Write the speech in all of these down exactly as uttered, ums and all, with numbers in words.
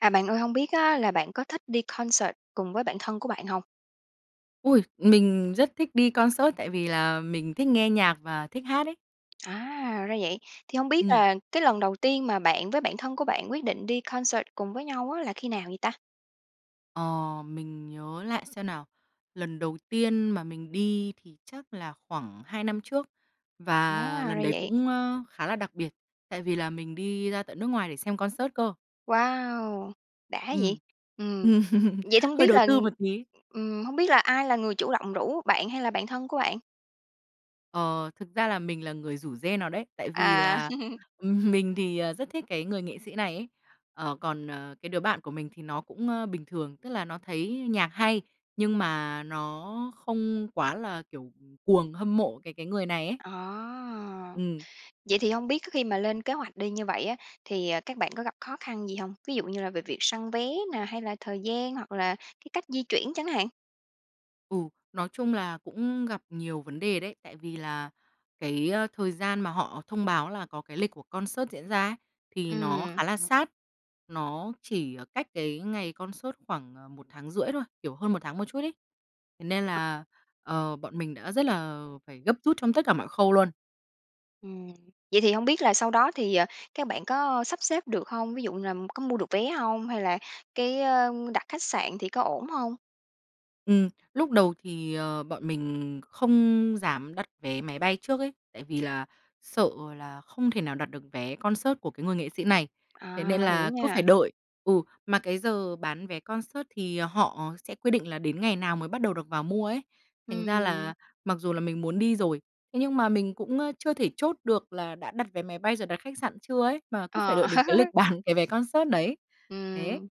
À, bạn ơi, hông biết á là bạn có thích đi concert cùng với bạn thân của bạn hông? Ôi, mình rất thích đi concert, tại vì là mình thích nghe nhạc và thích hát ấy. À, ra vậy. Thì hông biết Ừm. là cái lần đầu tiên mà bạn với bạn thân của bạn quyết định đi concert cùng với nhau á là khi nào vậy ta? Ờ, mình nhớ lại xem nào. Lần đầu tiên mà mình đi thì chắc là khoảng hai năm trước, và À, lần ra đấy vậy. cũng, ơ, khá là đặc biệt, tại vì là mình đi ra tận nước ngoài để xem concert cơ. Wow, đã vậy! Ừm, Ừm, ừm, vậy thì hông hơi biết đầu là tư một tí. ừm, hông biết là ai là người chủ động rủ, bạn hay là bạn thân của bạn? Ờ, thực ra là mình là người rủ rê nó đấy. Tại vì À. là, ừm, mình, ờ, thì rất thích cái người nghệ sĩ này ấy. Ờ, còn, ờ, cái đứa bạn của mình thì nó cũng, ơ, bình thường, tức là nó thấy nhạc hay, nhưng mà nó không quá là, kiểu, cuồng, hâm mộ cái cái người này ấy. À, Ừm. vậy thì hông biết cái khi mà lên kế hoạch đi như vậy á, thì, à, các bạn có gặp khó khăn gì hông? Ví dụ như là về việc săn vé nè, hay là thời gian, hoặc là cái cách di chuyển chẳng hạn? Ừ. Nói chung là cũng gặp nhiều vấn đề đấy, tại vì là cái, a, thời gian mà họ thông báo là có cái lịch của concert diễn ra ấy, thì nó Ừm. khá là sát. Nó chỉ, ờ, cách cái ngày concert khoảng, ờ, một tháng rưỡi thôi, kiểu, hơn một tháng một chút ấy. Thế nên là, ờ, bọn mình đã rất là, ờ, phải gấp rút trong tất cả mọi khâu luôn. Ừm. Vậy thì hông biết là sau đó thì, ờ, các bạn có sắp xếp được hông? Ví dụ làm có mua được vé hông? Hay là cái, ơ, đặt khách sạn thì có ổn hông? Ừm. Lúc đầu thì, ờ, bọn mình không dám đặt vé máy bay trước ấy, tại vì là sợ là không thể nào đặt được vé concert của cái người nghệ sĩ này, thế nên À, hiểu là cứ phải nha. đợi. Ừ, mà cái giờ bán vé concert thì họ sẽ quy định là đến ngày nào mới bắt đầu được vào mua ấy. Thành ra Ừm. là mặc dù là mình muốn đi rồi, thế nhưng mà mình cũng, ơ, chưa thể chốt được là đã đặt vé máy bay, rồi đặt khách sạn chưa ấy, mà cứ phải Ờ. đợi đến cái lịch bán cái vé concert đấy. Thế. Ừm.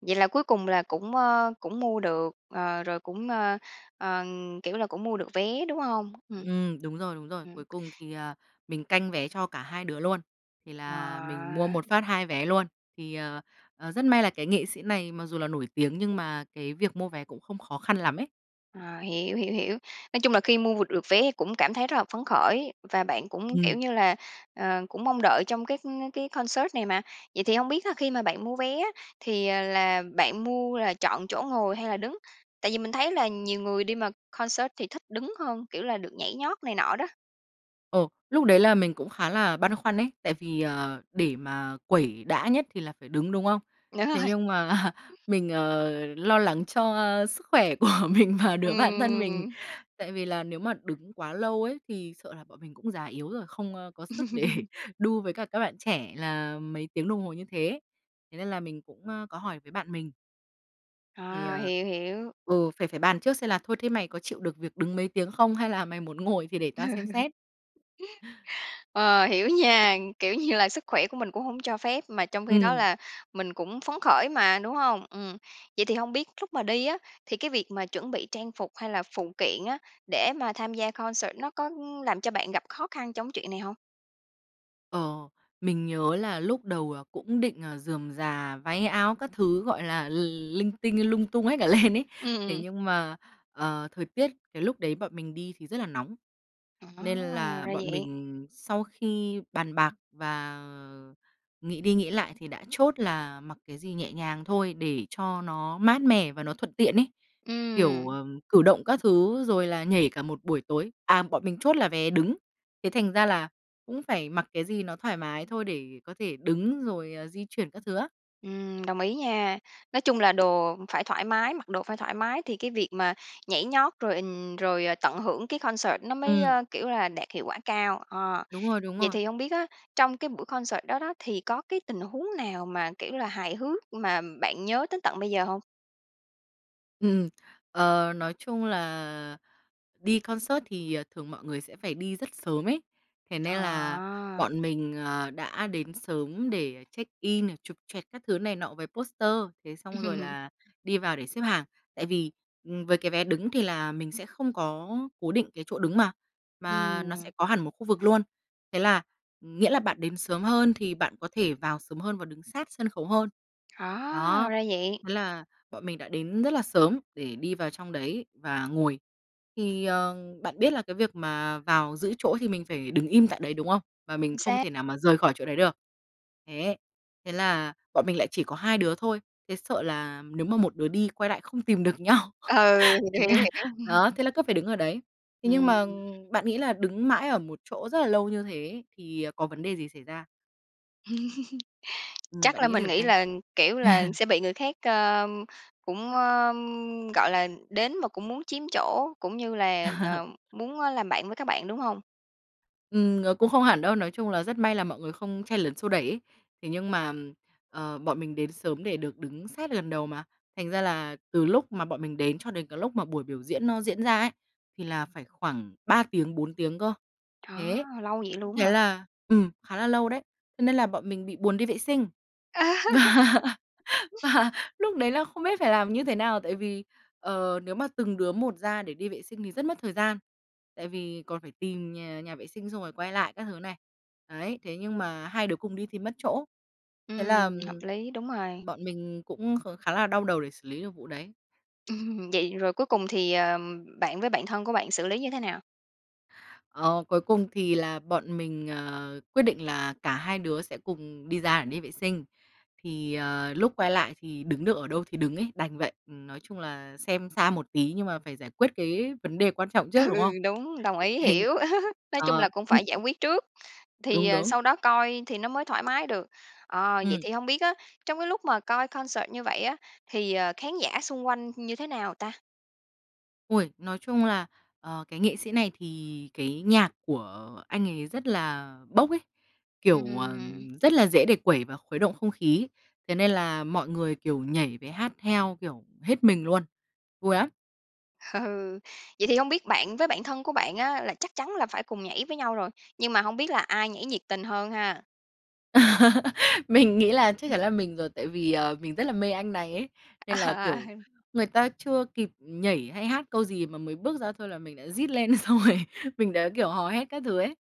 Vậy là cuối cùng là cũng, ơ, cũng mua được, ờ, rồi cũng, ơ, ờ, kiểu là, cũng mua được vé, đúng hông? Ừm. Ừm, đúng rồi, đúng rồi. Ừm. Cuối cùng thì, ờ, mình canh vé cho cả hai đứa luôn, thì là mình mua Wow! một phát hai vé luôn. Thì, ờ, ờ, rất may là cái nghệ sĩ này mặc dù là nổi tiếng, nhưng mà cái việc mua vé cũng không khó khăn lắm ấy. À, hiểu, hiểu, hiểu. Nói chung là khi mua được vé thì cũng cảm thấy rất là phấn khởi, và bạn cũng, kiểu Ừm. như là, ờ, cũng mong đợi trong cái cái concert này mà. Vậy thì hông biết á, khi mà bạn mua vé á, thì, à, là bạn mua là chọn chỗ ngồi hay là đứng? Tại vì mình thấy là nhiều người đi mà concert thì thích đứng hơn, kiểu là, được nhảy nhót này nọ đó. Ồ, lúc đấy là mình cũng khá là băn khoăn ấy, tại vì, ờ, để mà quẩy đã nhất thì là phải đứng, đúng không? Đúng Thế rồi. nhưng mà mình, ờ, lo lắng cho sức khỏe của mình và đứa bạn thân mình. Ừm. Tại vì là nếu mà đứng quá lâu ấy thì sợ là bọn mình cũng già yếu rồi, không có sức để đu với cả các bạn trẻ là mấy tiếng đồng hồ như thế. Thế nên là mình cũng, a, có hỏi với bạn mình thì, À, ờ hiểu, hiểu. ừ, phải phải bàn trước xem là "Thôi thế mày có chịu được việc đứng mấy tiếng không? Hay là mày muốn ngồi thì để Ừ tao xem xét?" Ờ, hiểu nha, kiểu như là, sức khỏe của mình cũng hông cho phép, mà trong khi đó Ừm. là mình cũng phấn khởi mà, đúng hông? Ừm. Vậy thì hông biết lúc mà đi á, thì cái việc mà chuẩn bị trang phục hay là phụ kiện á, để mà tham gia concert nó có, ưm, làm cho bạn gặp khó khăn trong chuyện này hông? Ờ, mình nhớ là lúc đầu, ờ, cũng định, ờ, rườm rà, váy áo các thứ, gọi là, l linh tinh, lung tung hết cả lên ấy. Ừm, Thế ừm. nhưng mà, ờ, thời tiết cái lúc đấy bọn mình đi thì rất là nóng, nên À! Ra là bọn vậy. mình sau khi bàn bạc và nghĩ đi nghĩ lại thì đã chốt là mặc cái gì nhẹ nhàng thôi để cho nó mát mẻ và nó thuận tiện ấy, kiểu, à, Ừm. cử động các thứ rồi là nhảy cả một buổi tối. À, bọn mình chốt là vé đứng, thế thành ra là cũng phải mặc cái gì nó thoải mái thôi để có thể đứng rồi, à, di chuyển các thứ á. Ừm, đồng ý nha. Nói chung là đồ phải thoải mái mặc đồ phải thoải mái thì cái việc mà nhảy nhót rồi, ừm, rồi tận hưởng cái concert nó mới, Ừm. ơ, kiểu là, đạt hiệu quả cao. Ờ, Đúng rồi, đúng vậy rồi. thì hông biết á, trong cái buổi concert đó đó thì có cái tình huống nào mà, kiểu như là, hài hước mà bạn nhớ tới tận bây giờ hông? Ừm, ờ, nói chung là đi concert thì, à, thường mọi người sẽ phải đi rất sớm ấy. Thế nên là À. bọn mình, à, đã đến sớm để check in này, chụp choẹt các thứ này nọ với poster, thế xong rồi là đi vào để xếp hàng. Tại vì, ừm, với cái vé đứng thì là mình sẽ không có cố định cái chỗ đứng mà, mà nó sẽ Ừm. có hẳn một khu vực luôn, thế là nghĩa là bạn đến sớm hơn thì bạn có thể vào sớm hơn và đứng sát sân khấu hơn, À, đó. ra vậy! Thế là bọn mình đã đến rất là sớm để đi vào trong đấy và ngồi. Thì, ờ, bạn biết là cái việc mà vào giữ chỗ thì mình phải đứng im tại đấy, đúng không? Và mình Chính không xác. thể nào mà rời khỏi chỗ đấy được, thế. Thế là bọn mình lại chỉ có hai đứa thôi, thế sợ là nếu mà một đứa đi quay lại không tìm được nhau, Ừ, thế hiểu, nên hiểu, hiểu. đó, thế là cứ phải đứng ở đấy. Thế nhưng mà, ờ, Ừm. bạn nghĩ là đứng mãi ở một chỗ rất là lâu như thế thì, ờ, có vấn đề gì xảy ra? Ừm, Chắc bạn là nghĩ mình thử nghĩ xem. là, kiểu là, sẽ bị người khác, ờ, cũng, ờm, gọi là, đến mà cũng muốn chiếm chỗ, cũng như là, ờ, muốn làm bạn với các bạn, đúng hông? Ừm, nó cũng không hẳn đâu. Nói chung là rất may là mọi người không chen lấn xô đẩy ấy. Thế nhưng mà, ờ, bọn mình đến sớm để được đứng sát gần đầu mà, thành ra là từ lúc mà bọn mình đến cho đến cái lúc mà buổi biểu diễn nó diễn ra ấy, thì là phải khoảng ba tiếng, bốn tiếng cơ, Á, thế. lâu vậy luôn á Thế hả? là, ừm, khá là lâu đấy, cho nên là bọn mình bị buồn đi vệ sinh. Và và lúc đấy là không biết phải làm như thế nào, tại vì, ờ, nếu mà từng đứa một ra để đi vệ sinh thì rất mất thời gian. Tại vì còn phải tìm nhà nhà vệ sinh, xong rồi quay lại các thứ này. Đấy, thế nhưng mà hai đứa cùng đi thì mất chỗ. Thế là Ừm, hợp lý, đúng rồi. bọn mình cũng kh khá là đau đầu để xử lý được vụ đấy. Ừm, Vậy rồi cuối cùng thì bạn với bạn thân của bạn xử lý như thế nào? Ờ, cuối cùng thì là bọn mình, ờ, quyết định là cả hai đứa sẽ cùng đi ra để đi vệ sinh, thì, ờ, lúc quay lại thì đứng được ở đâu thì đứng ấy, đành vậy. Ừm, nói chung là xem xa một tí nhưng mà phải giải quyết cái vấn đề quan trọng trước, đúng Ừ, không? đúng, đồng ý Hình hiểu. Nói chung là ờ. cũng phải giải quyết trước, thì Đúng, đúng. sau đó coi thì nó mới thoải mái được. Ờ, vậy Ừm. thì hông biết á, trong cái lúc mà coi concert như vậy á, thì, ờ, khán giả xung quanh như thế nào ta? Ôi! Nói chung là, ờ, cái nghệ sĩ này thì cái nhạc của anh ấy rất là bốc ấy, kiểu, ờ, Ừm. rất là dễ để quẩy và khuấy động không khí. Thế nên là mọi người, kiểu, nhảy với hát theo, kiểu, hết mình luôn. Vui lắm! Ừ, vậy thì hông biết bạn với bạn thân của bạn á là chắc chắn là phải cùng nhảy với nhau rồi, nhưng mà hông biết là ai nhảy nhiệt tình hơn ha? Mình nghĩ là chắc chắn Ừm. là mình rồi, tại vì, ờ, mình rất là mê anh này ấy, nên là, kiểu, À. người ta chưa kịp nhảy hay hát câu gì mà mới bước ra thôi là mình đã rít lên rồi, mình đã, kiểu, hò hét các thứ ấy.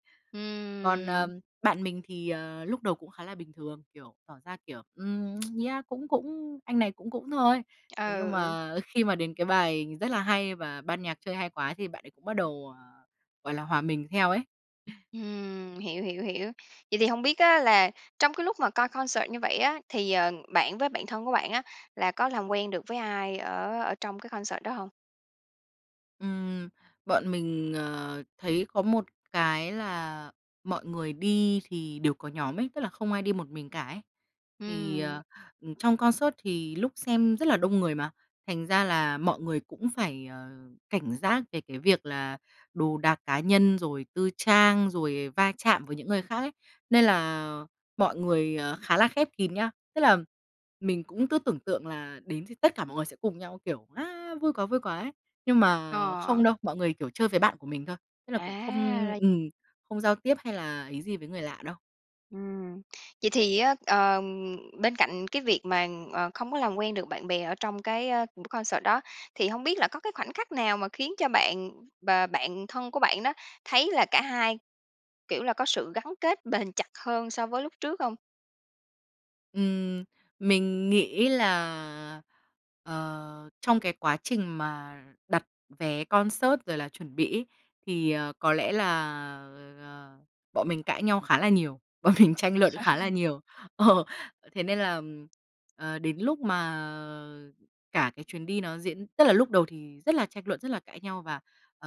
Còn, Ừm. ờm, bạn mình thì, ờ, lúc đầu cũng khá là bình thường, kiểu, tỏ ra, kiểu, ừm, yeah, cũng cũng, anh này cũng cũng thôi. Thế nhưng Ừ. mà, ơ, khi mà đến cái bài rất là hay và ban nhạc chơi hay quá thì bạn ấy cũng bắt đầu, ờ, gọi là, hòa mình theo ấy. Ừm, hiểu, hiểu, hiểu. Vậy thì hông biết á là trong cái lúc mà coi concert như vậy á, thì, ờ, bạn với bạn thân của bạn á là có làm quen được với ai ở ở trong cái concert đó hông? Ừm, bọn mình, ờ, thấy có một cái là mọi người đi thì đều có nhóm ấy, tức là không ai đi một mình cả ấy. Thì, Ừm. ờ, ừm, trong concert thì lúc xem rất là đông người mà, thành ra là mọi người cũng phải, ờ, cảnh giác về cái việc là đồ đạc cá nhân rồi tư trang, rồi va chạm với những người khác ấy. Nên là mọi người khá là khép kín nhá. Tức là mình cũng cứ tưởng tượng là đến thì tất cả mọi người sẽ cùng nhau kiểu á, vui quá, vui quá ấy, nhưng mà Ờ. không đâu, mọi người, kiểu, chơi với bạn của mình thôi, tức là cũng không À, ra ừm, không giao tiếp hay là ý gì với người lạ đâu. Ừm, vậy thì á, ờ, bên cạnh cái việc mà, ờ, không có làm quen được bạn bè ở trong cái, ơ, buổi concert đó, thì hông biết là có cái khoảnh khắc nào mà khiến cho bạn và bạn thân của bạn đó thấy là cả hai, kiểu là, có sự gắn kết bền chặt hơn so với lúc trước hông? Ừm, mình nghĩ là, ờ, trong cái quá trình mà đặt vé concert rồi là chuẩn bị ấy, thì, ờ, có lẽ là, à, bọn mình cãi nhau khá là nhiều, bọn mình tranh luận khá là nhiều. Ờ, thế nên là, ừm, ờ, đến lúc mà cả cái chuyến đi nó diễn tức là lúc đầu thì rất là tranh luận, rất là cãi nhau và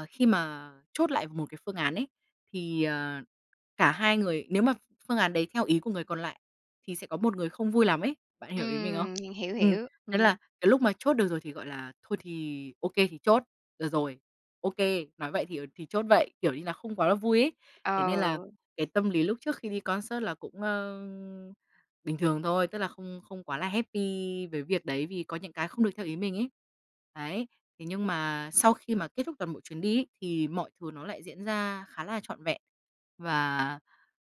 khi mà chốt lại một cái phương án ấy, thì, ờ, cả hai người nếu mà phương án đấy theo ý của người còn lại thì sẽ có một người không vui lắm ấy. Bạn hiểu ý mình không? Ừm, hiểu, Ừm. hiểu. Nên Ừm. là cái lúc mà chốt được rồi thì, gọi là, thôi thì ô kê thì chốt, được rồi. Ô kê. Nói vậy thì, ờ, thì chốt vậy, kiểu như là không quá vui ấy. Thế nên là Ờ. cái tâm lý lúc trước khi đi concert là cũng, ờ, bình thường thôi, tức là không không quá là happy với việc đấy vì có những cái không được theo ý mình ấy. Đấy. Thế nhưng mà sau khi mà kết thúc toàn bộ chuyến đi ấy, thì mọi thứ nó lại diễn ra khá là trọn vẹn. Và,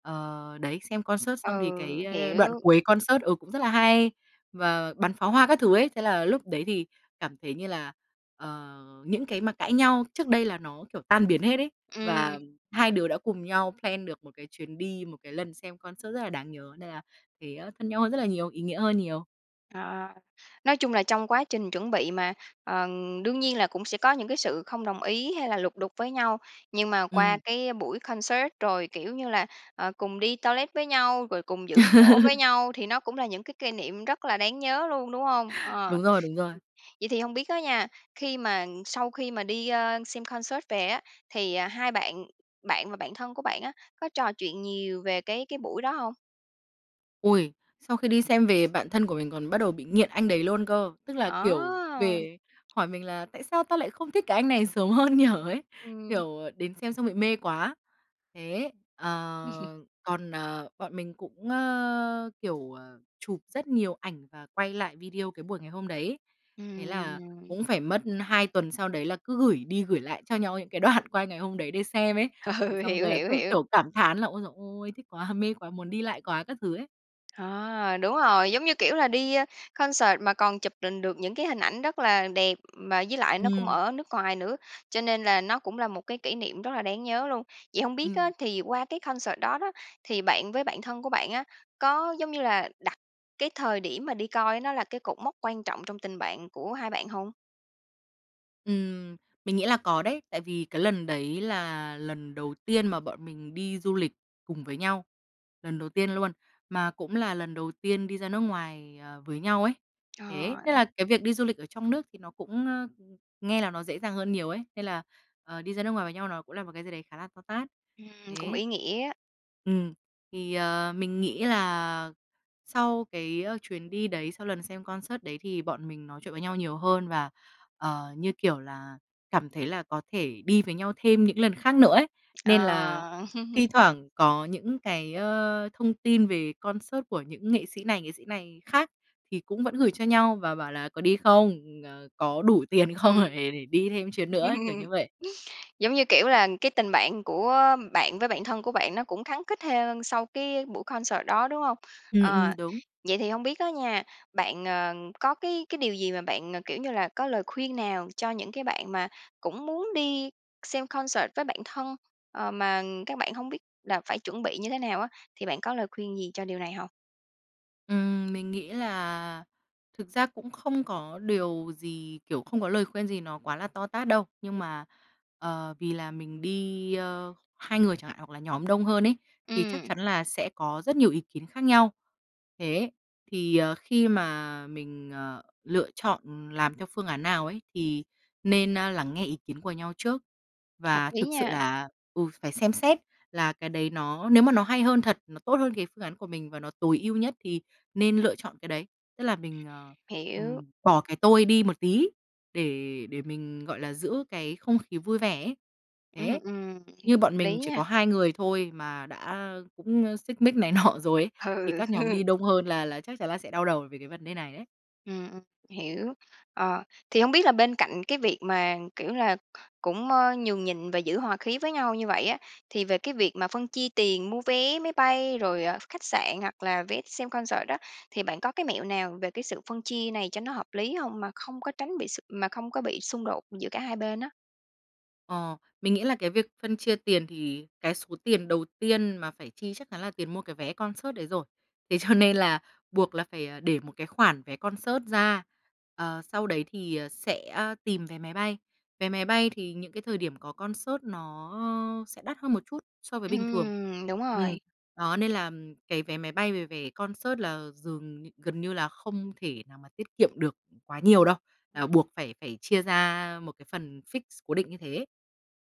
ờ, đấy, xem concert xong thì cái, Ừ, ơ, đoạn hiểu. cuối concert, ừ, cũng rất là hay và bắn pháo hoa các thứ ấy. Thế là lúc đấy thì cảm thấy như là, ờ, những cái mà cãi nhau trước đây là nó, kiểu, tan biến hết ấy. Ừm. Và hai đứa đã cùng nhau plan được một cái chuyến đi, một cái lần xem concert rất là đáng nhớ nên là thấy thân nhau hơn rất là nhiều, ý nghĩa hơn nhiều. Ờ, nói chung là trong quá trình chuẩn bị mà, ờm, đương nhiên là cũng sẽ có những cái sự không đồng ý hay là lục đục với nhau. Nhưng mà qua Ừm. cái buổi concert rồi, kiểu như là, ờ, cùng đi toilet với nhau, rồi cùng giữ chỗ với nhau thì nó cũng là những cái kê niệm rất là đáng nhớ luôn, đúng hông? Ờ. Đúng rồi, đúng rồi. Vậy thì hông biết á nha, khi mà sau khi mà đi, ơ, xem concert về á, thì, à, hai bạn bạn và bạn thân của bạn á, có trò chuyện nhiều về cái cái buổi đó hông? Ôi! Sau khi đi xem về bạn thân của mình còn bắt đầu bị nghiện anh đấy luôn cơ, tức là, kiểu, Ờ! về hỏi mình là "Tại sao tao lại không thích cái anh này sớm hơn nhỉ?" ấy, Ừm. kiểu, đến xem xong bị mê quá. Thế, ờ, còn, ờ, bọn mình cũng, ơ, kiểu, ờ, chụp rất nhiều ảnh và quay lại video cái buổi ngày hôm đấy, thế Ừm, là rồi. cũng phải mất hai tuần sau đấy là cứ gửi đi gửi lại cho nhau những cái đoạn quay ngày hôm đấy để xem ấy. Thế Ừ, xong hiểu, rồi là hiểu, cứ, hiểu! kiểu, cảm thán là "Ôi giời ôi, thích quá, mê quá, muốn đi lại quá!" các thứ ấy. Ờ, đúng rồi, giống như, kiểu, là đi, a, concert mà còn chụp đình được những cái hình ảnh rất là đẹp, mà với lại nó cũng Ừm. ở nước ngoài nữa, cho nên là nó cũng là một cái kỷ niệm rất là đáng nhớ luôn. Vậy hông biết á, Ừm. thì qua cái concert đó đó, thì bạn với bạn thân của bạn á, có, giống như là, đặt cái thời điểm mà đi coi nó là cái cột mốc quan trọng trong tình bạn của hai bạn hông? Ừm, mình nghĩ là có đấy. Tại vì cái lần đấy là lần đầu tiên mà bọn mình đi du lịch cùng với nhau, lần đầu tiên luôn, mà cũng là lần đầu tiên đi ra nước ngoài, ờ, với nhau ấy. Ờ, Thế nên ừm. là cái việc đi du lịch ở trong nước thì nó cũng, ơ, nghe là nó dễ dàng hơn nhiều ấy. Nên là, ờ, đi ra nước ngoài với nhau nó cũng là một cái gì đấy khá là to tát. Ừm, cũng Thế. ý nghĩa á. Ừm, thì, ờ, mình nghĩ là sau cái chuyến đi đấy, sau lần xem concert đấy, thì bọn mình nói chuyện với nhau nhiều hơn. Và, ờ, như kiểu là cảm thấy là có thể đi với nhau thêm những lần khác nữa ấy, nên là Ờ. thi thoảng có những cái, ơ, thông tin về concert của những nghệ sĩ này, nghệ sĩ này khác thì cũng vẫn gửi cho nhau và bảo là "Có đi không? Ờ, có đủ tiền không? Ừm, Để để đi thêm chuyến nữa ấy", kiểu như vậy. giống như kiểu là cái tình bạn của bạn với bạn thân của bạn nó cũng khắng khít hơn sau cái buổi concert đó, đúng hông? Ừm, ừm, Ờ, đúng. vậy thì hông biết á nha, bạn, ờ, có cái cái điều gì mà bạn, ờ, kiểu như là, có lời khuyên nào cho những cái bạn mà cũng muốn đi xem concert với bạn thân, ờ, mà các bạn hông biết là phải chuẩn bị như thế nào á, thì bạn có lời khuyên gì cho điều này hông? Ừm, mình nghĩ là thực ra cũng không có điều gì, kiểu, không có lời khuyên gì nó quá là to tát đâu. Nhưng mà, ờ, vì là mình đi, ơ, hai người chẳng hạn hoặc là nhóm đông hơn ấy, thì chắc Ừm. chắn là sẽ có rất nhiều ý kiến khác nhau. Thế, thì, ờ, khi mà mình, ờ, lựa chọn, ừm, làm theo phương án nào ấy thì nên, a, lắng nghe ý kiến của nhau trước. Hợp Và lý thực sự nha. là ừ, phải xem xét là cái đấy nó nếu mà nó hay hơn thật, nó tốt hơn cái phương án của mình và nó tối ưu nhất thì nên lựa chọn cái đấy. Tức là mình, ờ, Hiểu. ừm, bỏ cái tôi đi một tí để để mình, gọi là, giữ cái không khí vui vẻ ấy. Ừm, Thế, ừm, như th bọn mình lý chỉ nha. có hai người thôi mà đã, ơ, cũng, ơ, xích mích này nọ rồi ấy, thì Ừ, các nhóm ừ. đi đông hơn là là chắc chắn là sẽ đau đầu về cái vấn đề này ấy. Ừm, ừm, hiểu. Ờ, thì hông biết là bên cạnh cái việc mà, kiểu là, cũng, ơ, nhường nhịn và giữ hòa khí với nhau như vậy á, thì về cái việc mà phân chia tiền mua vé máy bay rồi khách sạn hoặc là vé xem concert đó, thì bạn có cái mẹo nào về cái sự phân chia này cho nó hợp lý hông mà không có tránh bị xung mà không có bị xung đột giữa cả hai bên á? Ờ. Mình nghĩ là cái việc phân chia tiền thì cái số tiền đầu tiên mà phải chi chắc chắn là tiền mua cái vé concert đấy rồi. Thế cho nên là buộc là phải, à, để một cái khoản vé concert ra. Ờ, sau đấy thì, ờ, sẽ tìm vé máy bay. Vé máy bay thì những cái thời điểm có concert nó, ơ, sẽ đắt hơn một chút so với bình thường. Ừm, đúng Ừm. rồi. Đó, nên là cái vé máy bay với vé concert là dường nh gần như là không thể nào mà tiết kiệm được, ừm, quá nhiều đâu, à, buộc phải phải chia ra một cái phần fix, cố định như thế.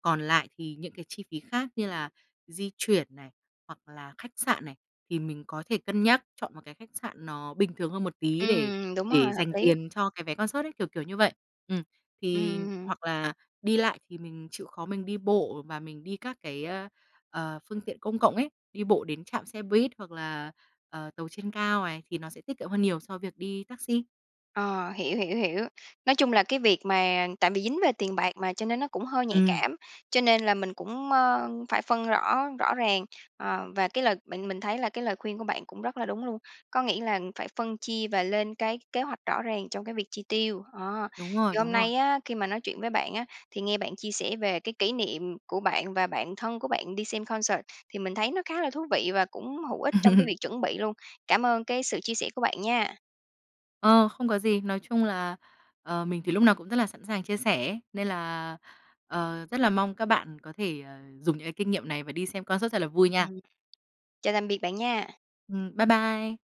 Còn lại thì những cái chi phí khác như là di chuyển này, hoặc là khách sạn này, thì mình có thể cân nhắc chọn một cái khách sạn nó bình thường hơn một tí để Ừm, đúng rồi, để hợp dành lý! tiền cho cái vé concert ấy, kiểu, kiểu như vậy. Ừm. Ừm, Thì ừm, hừm. hoặc là đi lại thì mình chịu khó mình đi bộ và mình đi các cái, a, ờ, phương tiện công cộng ấy, đi bộ đến trạm xe buýt, hoặc là, ờ, tàu trên cao này thì nó sẽ tiết kiệm hơn nhiều so với việc đi taxi. Ờ, hiểu, hiểu, hiểu. Nói chung là cái việc mà tại vì dính về tiền bạc mà, cho nên nó cũng hơi nhạy Ừm. cảm. Cho nên là mình cũng, ơ, phải phân rõ rõ ràng. Ờ, và cái lời bạn mình thấy là cái lời khuyên của bạn cũng rất là đúng luôn. Có nghĩa là, ừm, phải phân chia và lên cái kế hoạch rõ ràng trong cái việc chi tiêu. Đó, Đúng thì rồi, hôm đúng rồi. nay á, khi mà nói chuyện với bạn á, thì nghe bạn chia sẻ về cái kỷ niệm của bạn và bạn thân của bạn đi xem concert thì mình thấy nó khá là thú vị và cũng hữu ích trong cái việc chuẩn bị luôn. Cảm ơn cái sự chia sẻ của bạn nha! Ờ, không có gì. Nói chung là, ờ, mình thì lúc nào cũng rất là sẵn sàng chia sẻ ấy, nên là, ờ, rất là mong các bạn có thể, ờ, dùng những cái kinh nghiệm này và đi xem concert thật là vui nha! Ừm. Chào tạm biệt bạn nha! Ừm, bye bye!